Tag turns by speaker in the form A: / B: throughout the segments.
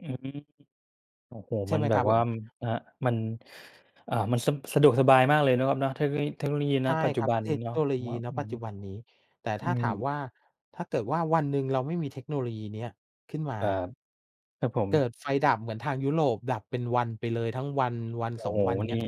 A: อืม โอ้โฮ!
B: ใช่
A: มั
B: ไ
A: น
B: หม
A: แบ
B: ครั
A: บ
B: บผ
A: ว่า
B: ม?
A: ม ครับ มัน อ่า มัน ส สะดวกสบายมากเลยเนาะครับเนาะ เทคโนโลยี เทคโนโลยี
B: ใ
A: ณ
B: ช่
A: ปัจจ
B: ค
A: ุ
B: รับ
A: บัน
B: เ
A: น
B: ท
A: ี
B: ค
A: ้เนา
B: โ
A: ะ
B: นโล
A: ผม
B: ยี
A: ว่า
B: ณ
A: อื
B: ป
A: อ
B: ัจ
A: ฮ
B: จ
A: ึ
B: ุบันนี้ แต่
A: อ
B: ถ
A: ื
B: ้าถาม
A: ม
B: ว่า ถ้าเกิดว่าวันหนึ่งเราไม่มีเทคโนโลยีเนี้ยขึ้นม
A: ค
B: า
A: รับ ครับผ
B: เกิ
A: ม
B: ดไฟดับเหมือนทางยุโรป ดับเป็นวันไปเลยทั้งวัน วัน
A: โ
B: ส
A: อ้
B: อ
A: โ
B: ง
A: ฮ
B: วัน อย่างเง
A: น
B: ี
A: ี
B: ้ย
A: ่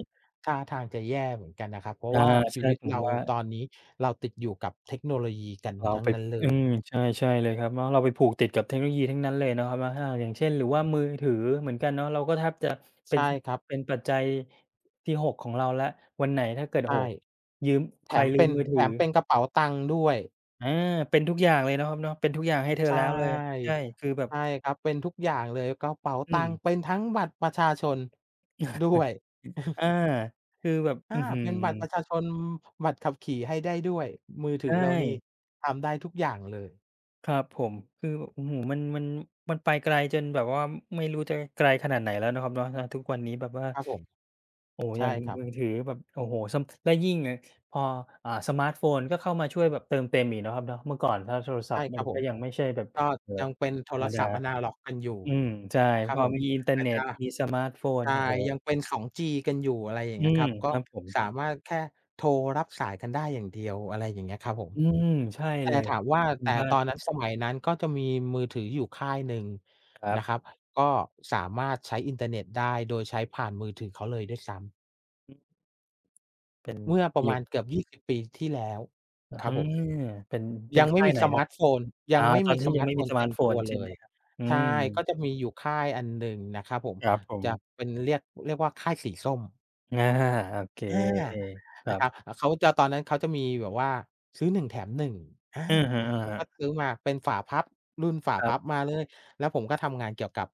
B: ท่าทางจะแย่เหมือนกันนะครับ เพรา
A: อ
B: ะ
A: า
B: ว่าช
A: ใช
B: ี
A: ่
B: วิต
A: ผ
B: เ
A: ม
B: รา
A: ว่า
B: ตอนนี้ เราติดอยู่กับเทคโนโลยีกัน
A: เรา
B: ทั้ง
A: ไป
B: นั้นเล
A: อื
B: ย
A: ม ใช่ ใช่เลยครับเนาะ เราไปผูกติดกับเทคโนโลยีทั้งนั้นเลยเนาะครับเนาะ ถ้าหาก อย่างเช่น หรือว่ามือถือเหมือนกันเนาะ เราก็แทบ จะเป
B: ใ
A: ็
B: ช
A: น
B: ่
A: ส
B: ครับ
A: เป็นปัจจัย ที่ 6 ของเราแล้ว วันไหนถ้าเกิด
B: ใ
A: โอ
B: ช
A: ้โฮ
B: ่
A: ยืม
B: แ
A: ใ
B: ถ
A: คร
B: ม
A: ลื
B: เป็
A: ม
B: น
A: มือถ
B: แถ
A: ือ
B: มเป็นกระเป๋าตังค์ด้วย
A: อา เป็นทุกอย่างเลยเนาะครับเนาะ เป็นทุกอย่างให้เธอ
B: ใช่
A: แล้วเลย ใช่
B: อ
A: คือแบ
B: ใ
A: บ
B: ช่ครับ เป็นทุกอย่างเลย กระเป๋า
A: อื
B: ตังค์
A: ม
B: เป็นทั้งบัตรประชาชน ด้วย
A: อา คือแบบ
B: อ
A: อ
B: า
A: ื้อฮือ
B: เป็นบัตรประชาชน บัตรขับขี่ให้ได้ด้วย มือถ
A: ใช
B: ือเรานี่
A: ่
B: ทำได้ทุกอย่างเลย
A: ครับผม คือแบบ อื้อฮือ มัน มัน มันไปไกลจนแบบว่าไม่รู้จะไกลขนาดไหนแล้วเนาะครับเนาะ ณ ทุกวันนี้แบบว่า
B: ครับผม
A: โอ้โฮ
B: ใช
A: อย่
B: ่
A: าง
B: ครับ
A: มือถือแบบ โอ้โฮ ซัม และยิ่ง ง พอ อ่า สมาร์ตโฟนก็เข้ามาช่วยแบบเติมเต็มอีกเนาะครับเนาะ เมื่อก่อนถ้าโทรศ
B: ใ
A: ั
B: ช
A: พ
B: ่
A: ท์ม
B: ค
A: ั
B: รั
A: น
B: บผ
A: ก็
B: ม
A: ยังไม่ใช่แบบ
B: ก็
A: เอ่อ
B: ยังเป็นโท
A: ธร
B: ร
A: รมด
B: ศ
A: า
B: ัพท์แอนะล็อกกันอยู่
A: อืม ใช่
B: นะคร
A: พ
B: ับ
A: อ
B: ผม
A: มีอิ
B: อ
A: นเทอร
B: อ
A: ์
B: า
A: เน
B: จ
A: ็
B: จ
A: ต
B: ะ
A: มี สมาร์ตโฟ
B: ใ
A: น
B: ช่
A: โอ้โฮ
B: ยังเป็น 2G กันอยู่ อะไรอย่า
A: อ
B: ง
A: ื
B: เงี้ย
A: ม
B: ครับ ก
A: ค
B: ็
A: รับผม
B: สามารถแค่โทรรับสายกันได้อย่างเดียว อะไรอย่างเงี้ยครับผม
A: อืม ใช่
B: แต
A: เล
B: ่
A: ย
B: ถามว่า
A: คุ
B: แ
A: ณ
B: ต่
A: บ้า
B: ตอน
A: น
B: นั้น สมัยนั้นก็จะมีมือถืออยู่ค่ายหนึ่ง
A: ครั
B: น
A: บ
B: ะครับ ก็สามารถใช้อินเทอร์เน็ตได้โดยใช้ผ่านมือถือเขาเลยด้วยซ้ำ
A: อืม เป็น
B: เมื่อป
A: ม
B: ร
A: ี
B: ะ
A: อ
B: ม
A: ยู
B: า
A: ่
B: ณเกือบ 20 ปีที่แล้ว
A: อะ
B: คร
A: ฮ
B: ั
A: ะ
B: บผม
A: เป็น เป็
B: ยั
A: น
B: ง
A: ค
B: ไม่
A: ่า
B: ม
A: ย
B: ี
A: ไหน
B: ส
A: ค
B: ม
A: รั
B: า
A: บ
B: ร์ตโฟน ย
A: อ
B: ั
A: า
B: งไม่
A: ตอ
B: มี
A: นที
B: ส
A: ่
B: ม
A: ยั
B: า
A: ง
B: ร
A: ไ
B: ์
A: ม
B: ตโ
A: ่
B: ฟ
A: มี
B: น
A: สม
B: เต
A: าร
B: ็
A: ์ต
B: ม
A: โฟ
B: ตั
A: น
B: ว
A: ใช
B: เ
A: ่
B: ล
A: ไหม
B: ย
A: ครับ? อื
B: ใช่ ก็
A: ม
B: จะมีอยู่ค่ายอันหนึ่งนะครับผม
A: ครับผ
B: จะ
A: ม
B: เป็น เรียก เรียกว่าค่ายสีส้ม
A: อา โอเค
B: อา
A: คร
B: น
A: ั
B: ะคร
A: บ
B: ับ อา เขาจะ ตอนนั้นเขาจะมีแบบว่า ซื้อ 1 แถม 1 อา
A: อะฮะ
B: ผมก็
A: ๆ
B: ซื้อมาเป็นฝาพับ รุ่นฝา
A: ครั
B: พ
A: บ
B: ับมาเลย แล้วผมก็ทำงานเกี่ยวกับ